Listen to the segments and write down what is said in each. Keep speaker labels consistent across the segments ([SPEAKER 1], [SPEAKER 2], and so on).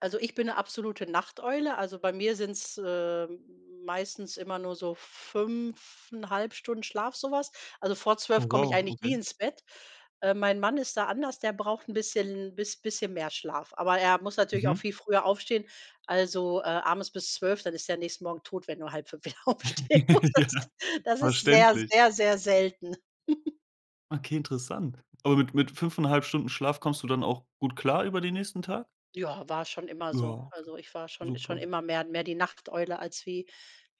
[SPEAKER 1] Also, ich bin 'ne absolute Nachteule. Also, bei mir sind es, äh, meistens immer nur so 5 1/2 Stunden Schlaf, so was. Also, vor
[SPEAKER 2] Du,
[SPEAKER 1] 12:00 komme ich
[SPEAKER 2] wow,
[SPEAKER 1] eigentlich nie
[SPEAKER 2] okay.
[SPEAKER 1] ins Bett. Äh, mein Mann ist da anders, der braucht 'n bisschen bis bisschen mehr Schlaf. Aber er muss natürlich auch
[SPEAKER 2] Mhm.
[SPEAKER 1] viel früher aufstehen. Also, äh, abends bis 24:00, dann ist der nächsten Morgen tot, wenn du 4:30 aufstehen
[SPEAKER 2] Ja.
[SPEAKER 1] musstest. Das ist sehr,
[SPEAKER 2] Verständlich.
[SPEAKER 1] sehr, sehr selten.
[SPEAKER 2] Okay, interessant. Aber mit mit 5 1/2 Stunden Schlaf kommst du dann auch gut klar über den nächsten Tag?
[SPEAKER 1] Ja, war schon immer
[SPEAKER 2] Ja,
[SPEAKER 1] so.
[SPEAKER 2] okay.
[SPEAKER 1] Also, ich war schon schon
[SPEAKER 2] Super.
[SPEAKER 1] immer mehr mehr die Nachteule, als wie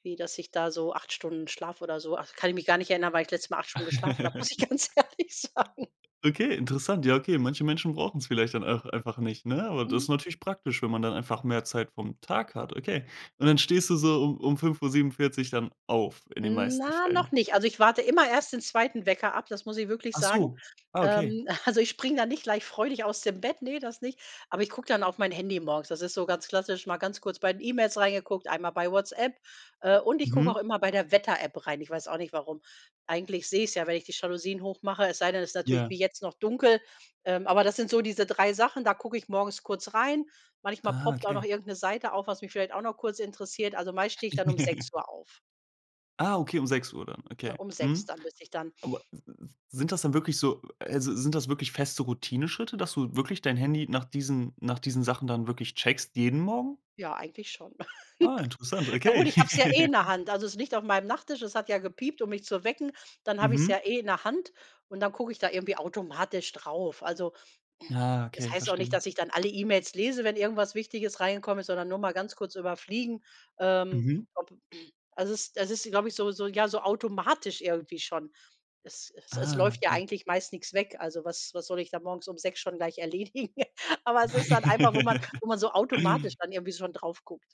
[SPEAKER 1] wie dass ich da so 8 Stunden schlafe oder so. Ach, kann ich mich gar nicht erinnern, wann ich das letzte Mal 8 Stunden geschlafen habe, muss ich ganz ehrlich sagen.
[SPEAKER 2] Okay, interessant. Ja, okay, manche Menschen brauchen es vielleicht dann auch einfach nicht, ne? Aber das
[SPEAKER 1] Mhm.
[SPEAKER 2] ist natürlich praktisch, wenn man dann einfach mehr Zeit vom Tag hat, okay. Und dann stehst du so um um 5:47 dann auf in den meisten
[SPEAKER 1] Na, noch
[SPEAKER 2] Fällen?
[SPEAKER 1] nicht. Also, ich warte immer erst den 2. Wecker ab, das muss ich wirklich
[SPEAKER 2] Ach
[SPEAKER 1] sagen.
[SPEAKER 2] so, ah, okay.
[SPEAKER 1] Ähm, also, ich springe da nicht gleich freudig aus dem Bett, ne, das nicht. Aber ich gucke dann auf mein Handy morgens. Das ist so ganz klassisch mal ganz kurz bei den E-Mails reingeguckt, einmal bei Whatsapp. Äh, und ich gucke
[SPEAKER 2] Mhm.
[SPEAKER 1] auch immer bei der Wetter App rein. Ich weiß auch nicht, warum. Eigentlich sehe ich es ja, wenn ich die Jalousien hoch mache, es sei denn, es ist natürlich
[SPEAKER 2] Ja.
[SPEAKER 1] wie jetzt noch dunkel. Ähm, aber das sind so diese 3 Sachen, da gucke ich morgens kurz rein. Manchmal
[SPEAKER 2] Ah,
[SPEAKER 1] poppt auch noch
[SPEAKER 2] okay.
[SPEAKER 1] irgend 'ne Seite auf, was mich vielleicht auch noch kurz interessiert. Also, meist stehe ich dann um sechs Uhr auf.
[SPEAKER 2] Ah, okay, um 6:00 dann.
[SPEAKER 1] Äh,
[SPEAKER 2] Okay.
[SPEAKER 1] um 6:00,
[SPEAKER 2] Mhm.
[SPEAKER 1] dann müsste ich dann
[SPEAKER 2] Aber s w sind das dann wirklich so also, sind das wirklich feste Routineschritte, dass du wirklich dein Handy nach diesen nach diesen Sachen dann wirklich checkst jeden Morgen?
[SPEAKER 1] Ja, eigentlich schon.
[SPEAKER 2] Ah, interessant,
[SPEAKER 1] Ja
[SPEAKER 2] okay.
[SPEAKER 1] gut, ich habe es ja eh in der Hand. Also, es liegt auf meinem Nachttisch, es hat ja gepiept, um mich zu wecken. Dann habe ich es
[SPEAKER 2] Mhm.
[SPEAKER 1] ja eh in der Hand und dann gucke ich da irgendwie automatisch drauf. Also
[SPEAKER 2] Ah,
[SPEAKER 1] es
[SPEAKER 2] okay,
[SPEAKER 1] heißt auch nicht,
[SPEAKER 2] verstehe.
[SPEAKER 1] dass ich dann alle E-Mails lese, wenn irgendwas Wichtiges reingekommen ist, sondern nur mal ganz kurz überfliegen, ähm,
[SPEAKER 2] Mhm.
[SPEAKER 1] ob also, es ist ist glaube ich, so so ja so automatisch irgendwie schon. Es Es Es
[SPEAKER 2] Ah,
[SPEAKER 1] läuft ja
[SPEAKER 2] okay.
[SPEAKER 1] eigentlich meist nichts weg. Also, was was soll ich da morgens um 6:00 schon gleich erledigen? Aber es ist dann einfach, wo man wo man so automatisch dann irgendwie schon drauf guckt.